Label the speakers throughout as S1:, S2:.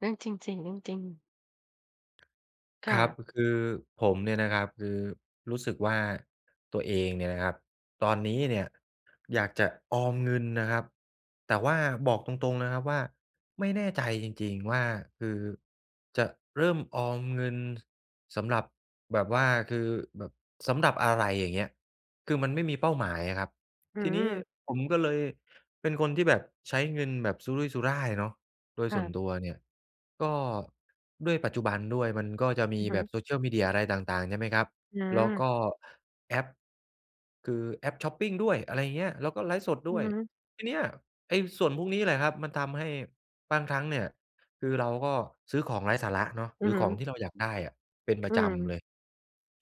S1: เรื่องจริง ๆ เรื่องจริง ค
S2: ค
S1: ่
S2: รั
S1: ะ
S2: บ อ คือผมเนี่ยนะครับ คือรู้สึกว่าตัวเองเนี่ยนะครับ ตอนนี้เนี่ย อยากจะออมเงินนะครับ แต่ว่าบอกตรง ๆ นะครับว่า ไม่แน่ใจจริง ๆ ว่า คือจะเริ่มออมเงินสำหรับ แบบว่า คือแบบ สำหรับอะไร อย่างเงี้ย คือมันไม่มีเป้าหมายอะครับ
S1: อื
S2: ทีนี้
S1: ม
S2: ผมก็เลย เป็นคนที่แบบใช้เงินแบบสุรุ่ยสุร่ายเนาะ โดย
S1: ค
S2: ส
S1: ่
S2: ่ว
S1: ะ
S2: นตัวเนี่ยก็ ด้วยปัจจุบันด้วย มันก็จะม
S1: อ
S2: ี
S1: ือฮ
S2: แบบ
S1: ึ
S2: social media อะไรต่าง ๆ ใช่ไหมครับ
S1: อื
S2: แล้วก
S1: ม
S2: ็แอป คือแอปช็อปปิงด้วย อะไรอย่างเงี้ย แล้วก็ไลฟ์สด
S1: อ
S2: ด
S1: ื
S2: ้
S1: อ
S2: วย
S1: ฮึ
S2: ทีเนี้ยไอ้ส่วนพวกนี้แหละครับมันทำให้บางครั้งเนี่ย คือเราก็ซื้อของไร้สาระเนาะ
S1: อื
S2: หรื
S1: อ
S2: อ
S1: ฮึ
S2: ของที่เราอยากได้อะเป็นปร
S1: อื
S2: ะจ
S1: ม
S2: ำเลย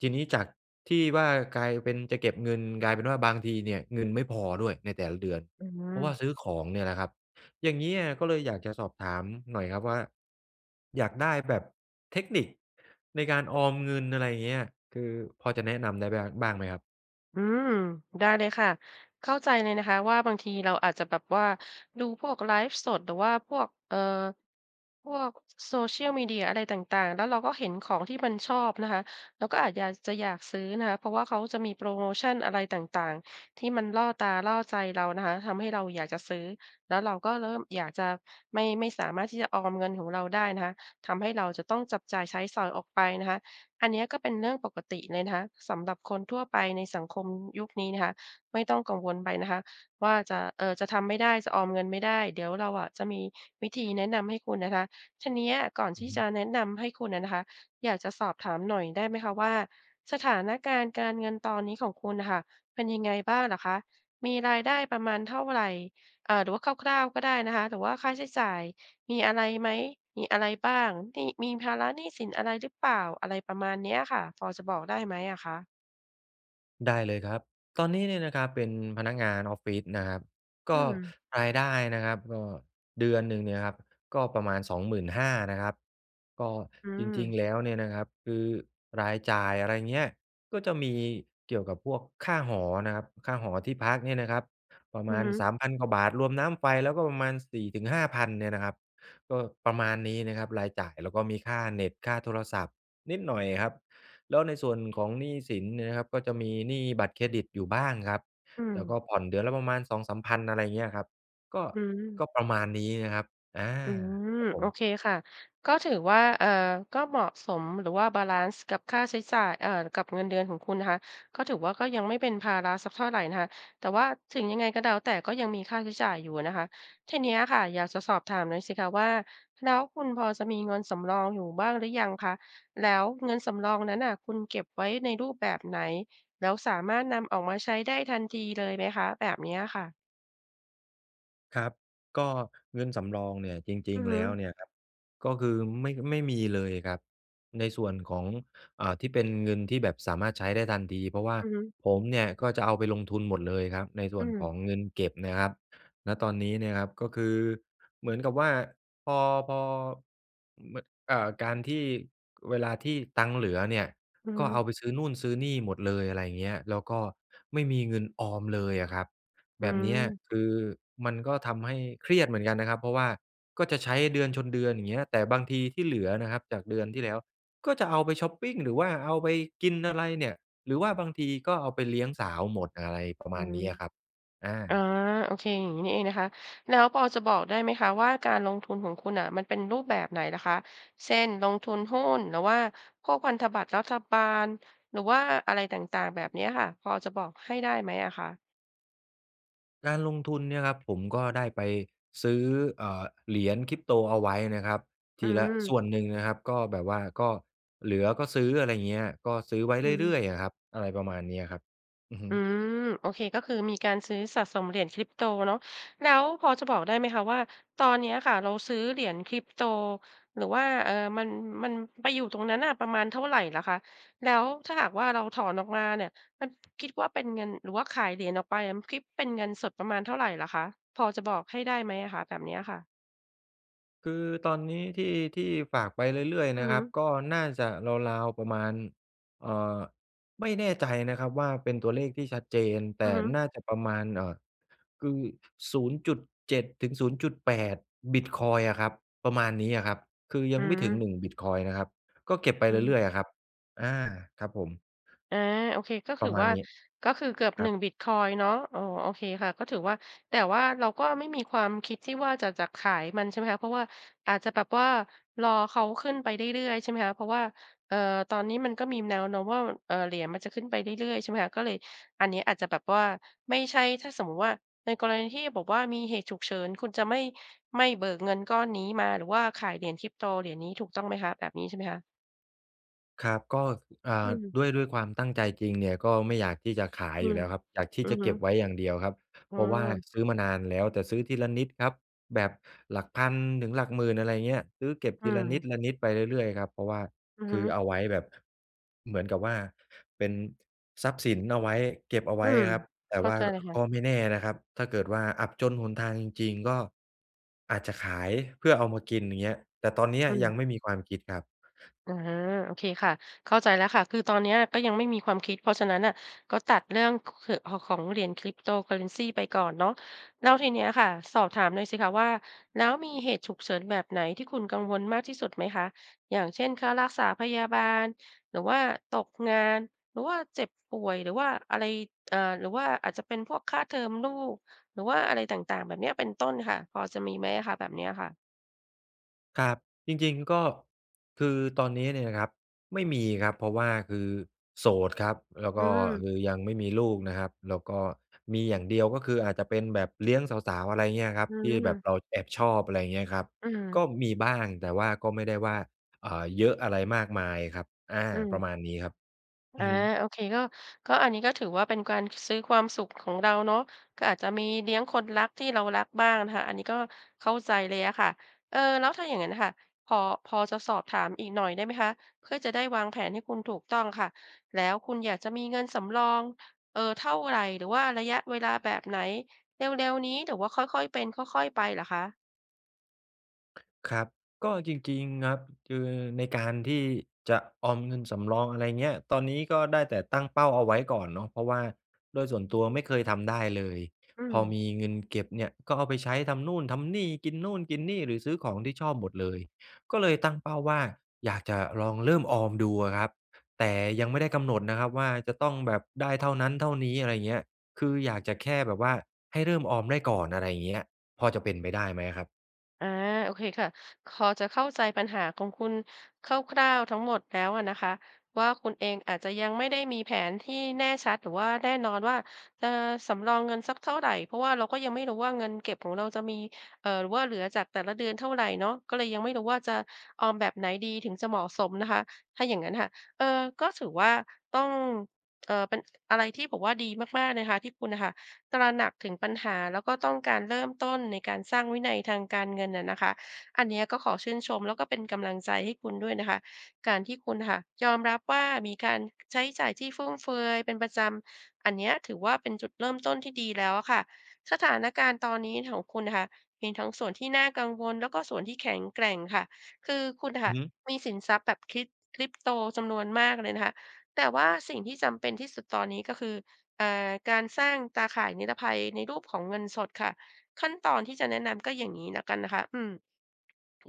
S2: ทีนี้จากที่ว่ากลายเป็นจะเก็บเงิน กลายเป็นว่าบางทีเนี่ยเงินไม่พอด้วยในแต่ละเดือน
S1: อื
S2: เพราะว่า
S1: ม
S2: ซื้อของเนี่ยนะครับ อย่างเงี้ยก็เลยอยากจะสอบถามหน่อยครับว่า อยากได้แบบเทคนิคในการออมเงิน อะไรอย่างเงี้ย คือพอจะแนะนำได้แบ้ บ้างไหมครับ?
S1: อืม ได้เลยค่ะ เข้าใจเลยนะคะ ว่าบางทีเราอาจจะแบบว่าดูพวกไลฟ์สด หรือว่าพวก เอ่อ พวก Social Media อะไรต่าง ๆ แล้วเราก็เห็นของที่มันชอบนะคะ เราก็อาจอยาก จะอยากซื้อนะคะ เพราะว่าเขาจะมีโพรโมชันอะไรต่าง ๆ ที่มันล่อตาล่อใจเรานะคะ ทำให้เราอยากจะซื้อ แล้วเราก็เริ่มอยากจะ ไม่ ไม่สามารถที่จะออมเงินของเราได้นะคะ ทำให้เราจะต้องจับจ่ายใช้สอยออกไปนะคะ อันเนี้ยก็เป็นเรื่องปกติเลยนะคะสำหรับคนทั่วไปในสังคมยุคนี้นะคะ ไม่ต้องกังวลไปนะคะว่าจะ เอ่อ จะทำไม่ได้จะออมเงินไม่ได้ เดี๋ยวเราอะจะมีวิธีแนะนำให้คุณนะคะ ทีเนี้ยก่อน
S2: อ
S1: ท
S2: ือ
S1: ี่
S2: ฮึ
S1: จะแนะนำให้คุณน่ะนะคะ อยากจะสอบถามหน่อยได้ไหมคะว่าสถานการณ์การเงินตอนนี้ของคุณน่ะค่ะเป็นยังไงบ้างเหรอคะ มีรายได้ประมาณเท่าไร อ่า หรือว่าคร่าว ๆ ก็ได้นะคะ หรือว่าค่าใช้จ่ายมีอะไรไหม มีอะไรบ้าง หนี้ มีภาระหนี้สินอะไรหรือเปล่า อะไรประมาณนี้อะค่ะ พอจะบอกได้ไหมอะคะ?
S2: ได้เลยครับ ตอนนี้เนี่ยนะครับ เป็นพนักงานออฟฟิศนะครับ ก
S1: อื
S2: ็
S1: ม
S2: รายได้นะครับก็เดือนหนึ่งเนี่ยครับก็ประมาณ 25,000 นะครับ ก็
S1: อื
S2: จริง
S1: ม
S2: ๆ แล้วเนี่ยนะครับคือรายจ่าย อะไรเงี้ย ก็จะมีเกี่ยวกับพวกค่าหอนะครับ ค่าหอที่พักเนี่ยนะครับประ
S1: อ
S2: ม
S1: ือ
S2: าณ
S1: ฮ
S2: ส
S1: ึ
S2: ามพัน กว่าบาท รวมน้ำไฟแล้วก็ประมาณ 4 ถึง 5,000 เนี่ยนะครับ ก็ประมาณนี้นะครับรายจ่าย แล้วก็มีค่าเน็ต ค่าโทรศัพท์นิดหน่อยครับ แล้วในส่วนของหนี้สินเนี่ยนะครับก็จะมีหนี้บัตรเครดิตอยู่บ้างครับ
S1: อื
S2: แล้วก
S1: ม
S2: ็ผ่อนเดือนละประมาณ 2 3,000 อะไรอย่างเงี้ยครับ ก็
S1: อื
S2: ก็
S1: ม
S2: ประมาณนี้นะครับ อา
S1: อืม
S2: ครับผ
S1: โอ
S2: ม
S1: เคค่ะ ก็ถือว่า เอ่อ ก็เหมาะสม หรือว่าบาลันซ์กับค่าใช้จ่าย เอ่อ กับเงินเดือนของคุณนะคะ ก็ถือว่าก็ยังไม่เป็นภาระสักเท่าไรนะคะ แต่ว่าถึงยังไงก็แล้วแต่ ก็ยังมีค่าใช้จ่ายอยู่อะนะคะ ทีเนี้ยค่ะอยากจะสอบถามหน่อยสิคะว่า แล้วคุณพอจะมีเงินสำรองอยู่บ้างหรือยังคะ แล้วเงินสำรองนั้นน่ะ คุณเก็บไว้ในรูปแบบไหน แล้วสามารถนำออกมาใช้ได้ทันทีเลยไหมคะ? แบบนี้อะค่ะ
S2: ครับ ก็เงินสำรองเนี่ย จริ
S1: อ
S2: ง
S1: ือฮ
S2: ๆ แ
S1: ึ
S2: ล้วเนี่ยครับ ก็คือไม่ ค ไม่มีเลยครับ ในส่วนของ อ่า ที่เป็นเงินที่แบบสามารถใช้ได้ทันที เพราะว่า
S1: อือฮึ
S2: ผมเนี่ยก็จะเอาไปลงทุนหมดเลยครับ ในส่
S1: อ
S2: ว
S1: ื
S2: นข
S1: ม
S2: องเงินเก็บนะครับ ณ ตอนนี้เนี่ยครับ ก็คือเหมือนกับว่า พอ พอ ม เอ่อ การที่เวลาที่ตังค์เหลือเนี่ย
S1: อือ
S2: ก
S1: ฮ
S2: ็เ
S1: ึ
S2: อาไปซื้อโน่นซื้อนี่หมดเลย อะไรเงี้ย แล้วก็ไม่มีเงินออมเลยอะครับ
S1: อ
S2: แ
S1: ื
S2: บบเนี้ย
S1: ม
S2: คือมันก็ทำให้เครียดเหมือนกันนะครับ เพราะว่าก็จะใช้เดือนชนเดือน อย่างเงี้ย แต่บางทีที่เหลือนะครับจากเดือนที่แล้วก็จะเอาไปช็อปปิง หรือว่าเอาไปกินอะไรเนี่ย หรือว่าบางทีก็เอาไปเลี้ยงสาวหมด อะไรประม
S1: อื
S2: าณ
S1: ม
S2: นี้อะครับ อ
S1: อา
S2: า
S1: โอเค อย่างนี้นี่เองนะคะ แล้วพอจะบอกได้ไหมคะว่าการลงทุนของคุณน่ะมันเป็นรูปแบบไหนล่ะคะ เช่น ลงทุนหุ้น หรือว่าพวกพันธบัตรรัฐบาล หรือว่าอะไรต่าง ๆ แบบเนี้ยค่ะ พอจะบอกให้ได้ไหมอะคะ?
S2: การลงทุนเนี่ยครับ ผมก็ได้ไปซื้อ เอ่อ เหรียญ Crypto เอาไว้นะครับ
S1: อ
S2: ท
S1: ื
S2: ีละส
S1: ม
S2: ่วนหนึ่งนะครับ ก็แบบว่า ก็เหลือก็ซื้อ อะไรเงี้ย ก็ซื้อไว้
S1: อื
S2: เรื่
S1: ม
S2: อย ๆ อะครับ อะไรประมาณนี้อะครับ อือฮึ
S1: อืม โอเค ก็คือมีการซื้อสะสมเหรียญ Crypto เนาะ แล้วพอจะบอกได้ไหมคะว่าตอนนี้อะค่ะเราซื้อเหรียญ Crypto หรือว่า เอ่อ มัน มันไปอยู่ตรงนั้นน่ะประมาณเท่าไรเหรอคะ แล้วถ้าหากว่าเราถอนออกมาเนี่ยมัน คิดว่าเป็นเงิน หรือว่าขายเหรียญออกไปอะ ม คิดเป็นเงินสดประมาณเท่าไรเหรอคะ? พอจะบอกให้ได้ไหมอะคะ? แบบนี้อะค่ะ
S2: คือตอนนี้ที่ ที่ฝากไปเรื่อย
S1: อ
S2: ๆ
S1: ื
S2: น
S1: อ
S2: ะ
S1: ฮ
S2: ครับ
S1: ึ
S2: ก็น่าจะราว ๆ ประมาณ เอ่อ ไม่แน่ใจนะครับว่า เป็นตัวเลขที่ชัดเจน แต
S1: อือ
S2: ่
S1: ฮึ
S2: น่าจะประมาณ เอ่อ คือ 0.7-0.8 บิตคอยน์อะครับ ประมาณนี้อะครับ คือย
S1: อ
S2: ั
S1: ื
S2: งไม่ถึง
S1: ม
S2: 1 บิตคอยน์นะครับ ก็เก็บไป
S1: อื
S2: เรื
S1: ม
S2: ่อย ๆ อะครับ อา ครับผม
S1: อา โอเค ก็ถ
S2: ป
S1: ื
S2: ร
S1: อ
S2: ะมา
S1: ว
S2: ณ
S1: ่า
S2: นี้
S1: ก็คือเกือบ
S2: คร
S1: หน
S2: ั
S1: ึ
S2: บ
S1: ่ง บิตคอยน์เนาะ อ๋อ โอเคค่ะ ก็ถือว่า แต่ว่าเราก็ไม่มี ความคิดที่ว่าจะ จะขายมัน ใช่ไหมคะ เพราะว่าอาจจะแบบว่ารอเขาขึ้นไปเรื่อย ๆ ใช่ไหมคะ เพราะว่า เอ่อ ตอนนี้มันก็มี แนวโน้มว่า อ เอ่อ เหรียญมันจะขึ้นไปเรื่อย ๆ ใช่ไหมคะ ก็เลยอันนี้อาจจะแบบว่า ไม่ใช่ ถ้าสมมติว่าในกรณีที่บอกว่ามีเหตุฉุกเฉิน คุณจะไม่ ไม่เบิกเงินก้อนนี้มา หรือว่าขายเหรียญ Crypto เหรียญนี้ ถูกต้องไหมคะ แบบนี้ใช่ไหมคะ?
S2: ครับ ก็ อ่
S1: อื
S2: า
S1: ม
S2: ด้วย ด้วยความตั้งใจจริงเนี่ย ก็ไม่อยากที่จะขาย
S1: อื
S2: อยู่
S1: ม
S2: แล้วครับ อยากที
S1: อ
S2: ่
S1: ื
S2: จ
S1: อ
S2: ะ
S1: ฮ
S2: เ
S1: ึ
S2: ก็บไว้อย่างเดียวครับ
S1: อ
S2: เ
S1: ้
S2: พราะว่า
S1: อ
S2: ซื้อมานานแล้ว แต่ซื้อทีละนิดครับ แบบหลักพันถึงหลักหมื่น อะไรอย่างเงี้ย ซื้อเก็บ
S1: อื
S2: ทีละนิ
S1: ม
S2: ดละนิดไปเรื่อย ๆ ครับ เพราะว่า
S1: อือ
S2: ค
S1: ฮ
S2: ื
S1: ึ
S2: อเอาไว้แบบ เหมือนกับว่าเป็นทรัพย์สินเอาไว้ เก็บเอาไ
S1: อ
S2: ว
S1: ื
S2: ้
S1: ม
S2: อะครับ แต่
S1: เข้า
S2: ว่า
S1: ใจค่ะ
S2: ก็ไม่แน่นะครับ ถ้าเกิดว่าอับจนหนทางจริง ๆ ก็อาจจะขายเพื่อเอามากิน อย่างเงี้ย แต่ตอนนี้
S1: อืม
S2: ยังไม่มีความคิดครับ
S1: อา โอเคค่ะ เข้าใจแล้วค่ะ คือตอนเนี้ยก็ยังไม่มีความคิด เพราะฉะนั้นน่ะก็ตัดเรื่อง ค เขอะ ขอ ของเหรียญ Cryptocurrency ไปก่อนเนาะ แล้วทีเนี้ยค่ะ สอบถามหน่อยสิคะว่า แล้วมีเหตุฉุกเฉินแบบไหนที่คุณกังวลมากที่สุดไหมคะ อย่างเช่น ค่ารักษาพยาบาล หรือว่าตกงาน หรือว่าเจ็บป่วย หรือว่าอะไร อ่า หรือว่าอาจจะเป็นพวกค่าเทอมลูก หรือว่าอะไรต่าง ๆ แบบเนี้ย เป็นต้นค่ะ พอจะมีไหมอะคะ แบบเนี้ยค่ะ?
S2: ครับ จริง ๆ ก็คือตอนนี้เนี่ยนะครับไม่มีครับ เพราะว่าคือโสดครับ แล้ว
S1: อ
S2: ก
S1: ื
S2: ็ค
S1: ม
S2: ือยังไม่มีลูกนะครับ แล้วก็มีอย่างเดียวก็คืออาจจะเป็นแบบเลี้ยงสาว ๆ อะไรเงี้ยครับ
S1: อื
S2: ที่แบบ
S1: ม
S2: เราแอบชอบ อะไรเงี้ยครับ
S1: อื
S2: ก็
S1: ม
S2: มีบ้าง แต่ว่าก็ไม่ได้ว่า เอ่อ เยอะอะไรมากมายครับ อา
S1: อื
S2: ป
S1: ม
S2: ระมาณนี้ครับ อ
S1: อ
S2: ื
S1: า
S2: อฮึ
S1: โอเค ก็ ก็อันนี้ก็ถือว่าเป็นการซื้อความสุขของเราเนาะ ก็อาจจะมีเลี้ยงคนรักที่เรารักบ้างนะคะ อันนี้ก็เข้าใจเลยอะค่ะ เอ่อ แล้วถ้าอย่างงั้นน่ะค่ะ พอ พอจะสอบถามอีกหน่อยได้ไหมคะ เพื่อจะได้วางแผนให้คุณถูกต้องค่ะ แล้วคุณอยากจะมีเงินสำรอง เอ่อ เท่าไร หรือว่าระยะเวลาแบบไหน เร็ว ๆ นี้หรือว่าค่อย ๆ เป็นค่อย ๆ ไปเหรอคะ?
S2: ครับ ก็จริง ๆ ครับ คือในการที่จะออมเงินสำรอง อะไรเงี้ย ตอนนี้ก็ได้แต่ตั้งเป้าเอาไว้ก่อนเนาะ เพราะว่าโดยส่วนตัวไม่เคยทำได้เลย
S1: อื
S2: พอม
S1: ม
S2: ีเงินเก็บเนี่ยก็เอาไปใช้ทำนู่นทำนี่ กินนู่นกินนี่ หรือซื้อของที่ชอบหมดเลย ก็เลยตั้งเป้าว่าอยากจะลองเริ่มออมดูอะครับ แต่ยังไม่ได้กำหนดนะครับว่าจะต้องแบบได้เท่านั้นเท่านี้ อะไรอย่างเงี้ย คืออยากจะแค่แบบว่าให้เริ่มออมได้ก่อน อะไรอย่างเงี้ย พอจะเป็นไปได้ไหมอะครับ?
S1: อา โอเคค่ะ คอจะเข้าใจปัญหาของคุณคร่าว ๆ ทั้งหมดแล้วอะนะคะว่า คุณเองอาจจะยังไม่ได้มีแผนที่แน่ชัด หรือว่าแน่นอนว่า เออ สำรองเงินสักเท่าไร เพราะว่าเราก็ยังไม่รู้ว่าเงินเก็บของเราจะมี เอ่อ หรือว่าเหลือจากแต่ละเดือนเท่าไรเนาะ ก็เลยยังไม่รู้ว่าจะออมแบบไหนดีถึงจะเหมาะสมนะคะ ถ้าอย่างงั้นค่ะ เออ ก็ถือว่าต้อง เอ่อ เป็นอะไรที่บอกว่าดีมาก ๆ นะคะที่คุณน่ะค่ะตระหนักถึงปัญหา แล้วก็ต้องการเริ่มต้นในการสร้างวินัยทางการเงินอะนะคะ อันเนี้ยก็ขอชื่นชม แล้วก็เป็นกำลังใจให้คุณด้วยนะคะ การที่คุณน่ะค่ะยอมรับว่า มีการ ใช้จ่ายที่ฟุ่มเฟือยเป็นประจำ อันเนี้ยถือว่า เป็นจุดเริ่มต้นที่ดีแล้วอะค่ะ สถานการณ์ตอนนี้ของคุณนะคะ มีทั้งส่วนที่น่ากังวล แล้วก็ส่วนที่แข็งแกร่งค่ะ คือคุณน่ะ
S2: อ
S1: ค
S2: ื
S1: ่
S2: อ
S1: ะ
S2: ฮึ
S1: มีสินทรัพย์แบบ Cryp Crypto จำนวนมากเลยนะคะ แต่ว่าสิ่งที่จำเป็นที่สุดตอนนี้ก็คือ อ่า การสร้างตาข่ายนิรภัยในรูปของเงินสดค่ะ ขั้นตอนที่จะแนะนำก็อย่างงี้แล้วกันนะคะ อืม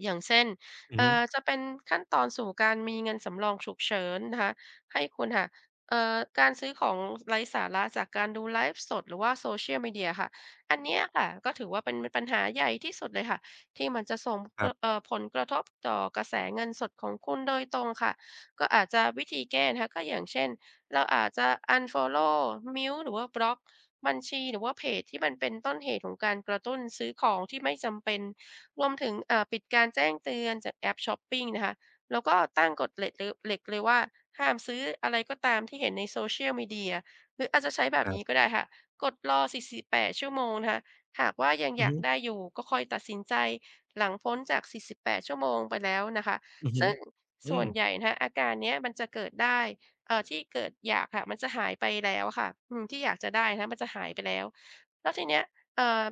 S1: อย่างเช่น
S2: อื
S1: เ
S2: อ
S1: อ
S2: ฮ
S1: ่
S2: ึ
S1: อ จะเป็นขั้นตอนสู่การมีเงินสำรองฉุกเฉินนะคะ ให้คุณค่ะ เอ่อ การซื้อของไร้สาระจากการดูไลฟ์สด หรือว่า Social Media ค่ะ อันเนี้ยค่ะ ก็ถือว่าเป็น ม ปัญหาใหญ่ที่สุดเลยค่ะ ที่มันจะส่ง
S2: ค
S1: ก
S2: รั
S1: ร
S2: บ
S1: ะ เอ่อ ผลกระทบต่อกระแสเงินสดของคุณโดยตรงค่ะ ก็อาจจะ วิธีแก้นะคะก็อย่างเช่น เราอาจจะ อันฟอลโลว์ mute หรือว่าบล็อกบัญชี หรือว่าเพจที่มันเป็นต้นเหตุของการกระตุ้นซื้อของที่ไม่จำเป็น รวมถึง เอ่อ ปิดการแจ้งเตือนจากแอปช็อปปิงนะคะ แล้วก็ตั้งกฎเหล็กเลอ เหล็กเลยว่า ห้ามซื้ออะไรก็ตามที่เห็นในโซเชียลมีเดีย หรืออาจจะใช้แบบ
S2: คร
S1: น
S2: ั
S1: ี้
S2: บ
S1: ก็ได้ค่ะ กฎรอ 4 4 8 ชั่วโมงนะคะ หากว่ายัง
S2: อื
S1: อย
S2: อฮ
S1: าก
S2: ึ
S1: ได้อยู่ก็ค่อยตัดสินใจหลังพ้นจาก 48 ชั่วโมงไปแล้วนะคะ
S2: อือฮึ
S1: ซึ่ง
S2: อื
S1: ส่ว
S2: ม
S1: นใหญ่นะคะอาการเนี้ยมันจะเกิดได้ เอ่อ ที่เกิดอยากค่ะ มันจะหายไปแล้วค่ะ อืม ที่อยากจะได้นะมันจะหายไปแล้ว แล้วทีเนี้ย เอ่อ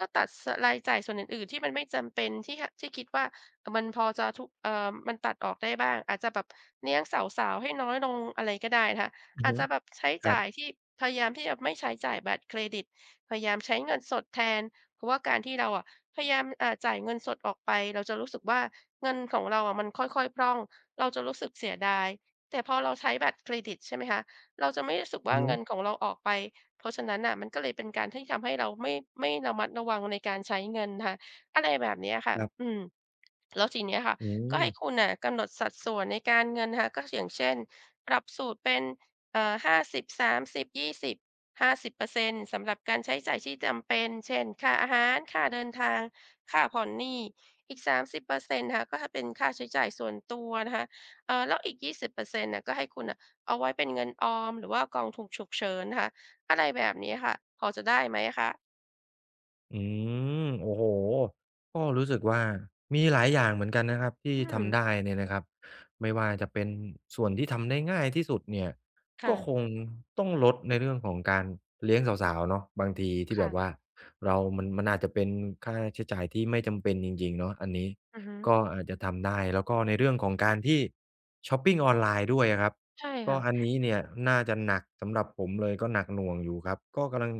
S1: ก็ตัด ส รายจ่ายส่วนอื่น ๆ ที่มันไม่จำเป็น ที่ ห ที่คิดว่า อ มันพอจะทุ เอ่อ มันตัดออกได้บ้าง อาจจะแบบเลี้ยงสาว ๆ ให้น้อยลง อะไรก็ได้นะคะ
S2: อือ
S1: อา
S2: ฮ
S1: จ
S2: ึ
S1: จะแบบใช้
S2: คร
S1: จ
S2: ั
S1: ่า
S2: บ
S1: ยที่ พยายามที่จะไม่ใช้จ่ายบัตรเครดิต พยายามใช้เงินสดแทน เพราะว่าการที่เราอะพยายาม เอ่อ จ่ายเงินสดออกไป เราจะรู้สึกว่าเงินของเราอะมันค่อย ๆ พร่อง เราจะรู้สึกเสียดาย แต่พอเราใช้บัตรเครดิตใช่ไหมคะ เราจะไม่รู้สึกว
S2: อื
S1: ่
S2: อ
S1: า
S2: ฮ
S1: เ
S2: ึ
S1: งินของเราออกไป เพราะฉะนั้นน่ะมันก็เลยเป็นการที่ทำให้เราไม่ ไม่ระมัดระวังในการใช้เงินนะคะ อะไรแบบเนี้ยค่
S2: ค
S1: ะ
S2: รับ
S1: อืม แล้วทีเนี้ยค่ะ
S2: อื
S1: ก็ให้
S2: ม
S1: คุณน่ะกำหนดสัดส่วนในการเงินนะคะ ก็อย่างเช่นปรับสูตรเป็น เอ่อ 50:30:20 50% สำหรับการใช้จ่ายที่จำเป็น เช่น ค่าอาหาร ค่าเดินทาง ค่าผ่อนหนี้ อีก 30 นะคะ ก็ ฮ เป็นค่าใช้จ่ายส่วนตัวนะคะ เอ่อ แล้วอีก 20% น่ะก็ให้คุณน่ะเอาไว้เป็นเงินออมหรือว่ากองถูกฉุกเฉินนะคะ อะไรแบบนี้ค่ะ พอจะได้ไหมอะคะ?
S2: อืม โอ้โฮ ก็รู้สึกว่ามีหลายอย่างเหมือนกันนะครับที
S1: อ
S2: ่
S1: ื
S2: ท
S1: ม
S2: ำได้เนี่ยนะครับ ไม่ว่าจะเป็นส่วนที่ทำได้ง่ายที่สุดเนี่ย
S1: ค
S2: ก
S1: ่
S2: ็
S1: ะ
S2: คงต้องลดในเรื่องของการเลี้ยงสาว ๆ เนาะ บางทีที่
S1: ค
S2: แบ
S1: ่ะ
S2: บว่าเรามัน มันอาจจะเป็นค่าใช้จ่ายที่ไม่จำเป็นจริง ๆ เนาะ อันนี้
S1: อือฮึ
S2: ก็อาจจะทำได้ แล้วก็ในเรื่องของการที่ช็อปปิงออนไลน์ด้วยอะครับ
S1: ใช่
S2: ก
S1: ค
S2: ็
S1: ่
S2: อัน
S1: ะ
S2: นี้เนี่ยน่าจะหนักสำหรับผมเลย ก็หนักหน่วงอยู่ครับ ก็กำลัง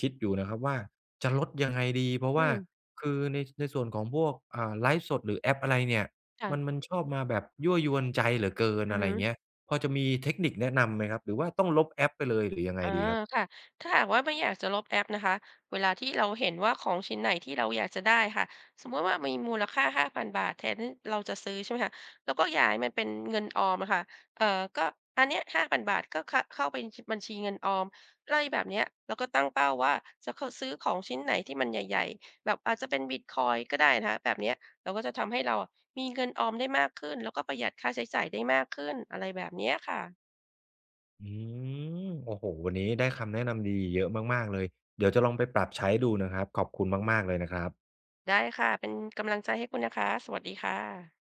S2: คิดอยู่นะครับว่าจะลดยังไงดี เพราะ
S1: อ
S2: ว
S1: ื
S2: ่า
S1: ม
S2: คือใน ในส่วนของพวก อ่า ไลฟ์สดหรือแอปอะไรเนี่ย
S1: ค่
S2: ม
S1: ะ
S2: ัน มันชอบมาแบบยั่วยวนใจเหลือเกิน
S1: อือ
S2: อะไ
S1: ฮ
S2: รอย่าง
S1: ึ
S2: เงี้ย พอจะมีเทคนิคแนะนำไหมครับ หรือว่าต้องลบแอปไปเลย หรือยังไง
S1: อา
S2: ดีครับ?
S1: ค่ะ ถ้าหากว่าไม่อยากจะลบแอปนะคะ เวลาที่เราเห็นว่าของชิ้นไหนที่เราอยากจะได้ค่ะ สมมติว่ามีมูลค่า ฿5,000 แทนที่เราจะซื้อ ใช่ไหมคะ เราก็ย้ายมันเป็นเงินออมอะค่ะ เอ่อ ก็อันเนี้ย ฿5,000 ก็ ข เข้าไปชิ บัญชีเงินออม ไรแบบเนี้ย แล้วก็ตั้งเป้าว่า จะ ข ซื้อของชิ้นไหนที่มันใหญ่ ๆ แบบอาจจะเป็นบิตคอยน์ก็ได้นะคะ แบบเนี้ย แล้วก็จะทำให้เราอะมีเงินออมได้มากขึ้น แล้วก็ประหยัดค่าใช้จ่ายได้มากขึ้น อะไรแบบเนี้ยค่ะ
S2: อืม โอ้โฮ วันนี้ได้คำแนะนำดีเยอะมาก ๆ เลย เดี๋ยวจะลองไปปรับใช้ดูนะครับ ขอบคุณมาก ๆ เลยนะครับ
S1: ได้ค่ะ เป็นกำลังใจให้คุณนะคะ สวัสดีค่ะ